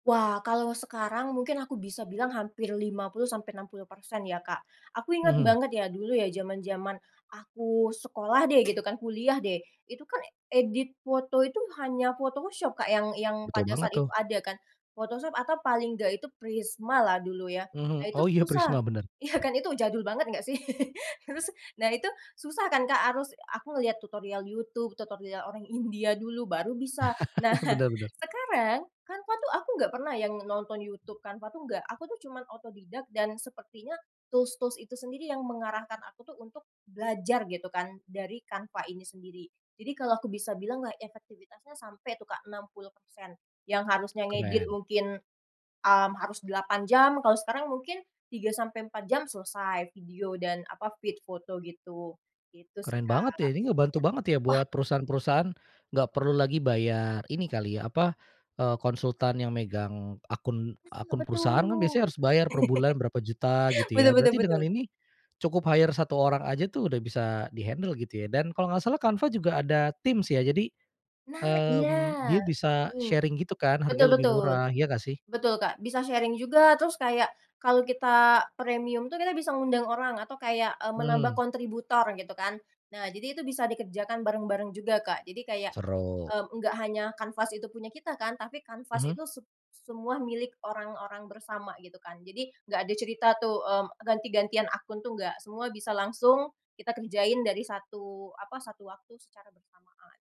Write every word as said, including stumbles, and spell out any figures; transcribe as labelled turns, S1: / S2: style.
S1: Wah, kalau sekarang, mungkin aku bisa bilang hampir lima puluh sampai enam puluh persen ya, Kak. Aku ingat
S2: Mhm.
S1: banget ya, dulu ya, zaman-zaman aku sekolah deh, gitu kan kuliah deh, itu kan, eee, edit foto itu hanya Photoshop, Kak, yang yang
S2: Betul
S1: pada
S2: banget
S1: saat itu
S2: tuh.
S1: ada kan. Photoshop atau paling nggak itu Prisma lah dulu ya. Nah
S2: Mhm
S1: itu
S2: oh iya,
S1: susah,
S2: Prisma, benar.
S1: iya kan, itu jadul banget nggak sih? Terus, nah itu susah kan, Kak, harus aku ngelihat tutorial YouTube, tutorial orang India dulu, baru bisa. Nah,
S2: Bener bener.
S1: sekarang, Canva tuh aku nggak pernah yang nonton YouTube, Canva tuh nggak. Aku tuh cuman otodidak dan sepertinya tools-tools itu sendiri yang mengarahkan aku tuh untuk belajar, gitu kan, dari Canva ini sendiri. Jadi kalau aku bisa bilanglah, efektivitasnya sampai tuh, Kak, enam puluh persen yang harusnya ngedit
S2: Keren.
S1: mungkin, mmm, harus delapan jam, kalau sekarang mungkin tiga sampai empat jam selesai, video dan apa feed foto gitu. Gitu sih,
S2: Keren
S1: Kak,
S2: banget ya,
S1: iya,
S2: ini ngebantu banget ya,
S1: wah
S2: buat perusahaan-perusahaan, nggak perlu lagi bayar ini kali ya, apa eee, konsultan yang megang akun
S1: Mas suka
S2: akun perusahaan kan
S1: betul.
S2: biasanya harus bayar per bulan berapa juta, gitu
S1: Betul
S2: ya.
S1: betul
S2: Berarti
S1: betul.
S2: dengan ini, cukup hire satu orang aja tuh udah bisa di-handle gitu ya. Dan kalau gak salah, Canva juga ada tim sih ya, jadi,
S1: Nah, iya
S2: mmm, dia bisa
S1: mhm,
S2: sharing gitu kan, harga
S1: betul
S2: lebih
S1: betul,
S2: murah, iya nggak sih?
S1: betul Kak, bisa sharing juga. Terus kayak, kalau kita premium tuh, kita bisa ngundang orang atau kayak, eee, menambah
S2: Mhm.
S1: kontributor gitu kan. Nah, jadi itu bisa dikerjakan bareng-bareng juga, Kak. Jadi kayak,
S2: Seru.
S1: mmm, enggak hanya Canvas itu punya kita kan, tapi Canvas
S2: Mhm.
S1: itu sep semua milik orang-orang bersama gitu kan. Jadi, nggak ada cerita tuh, mmm, ganti-gantian akun tuh, nggak, semua bisa langsung kita kerjain dari satu apa satu waktu secara bersamaan.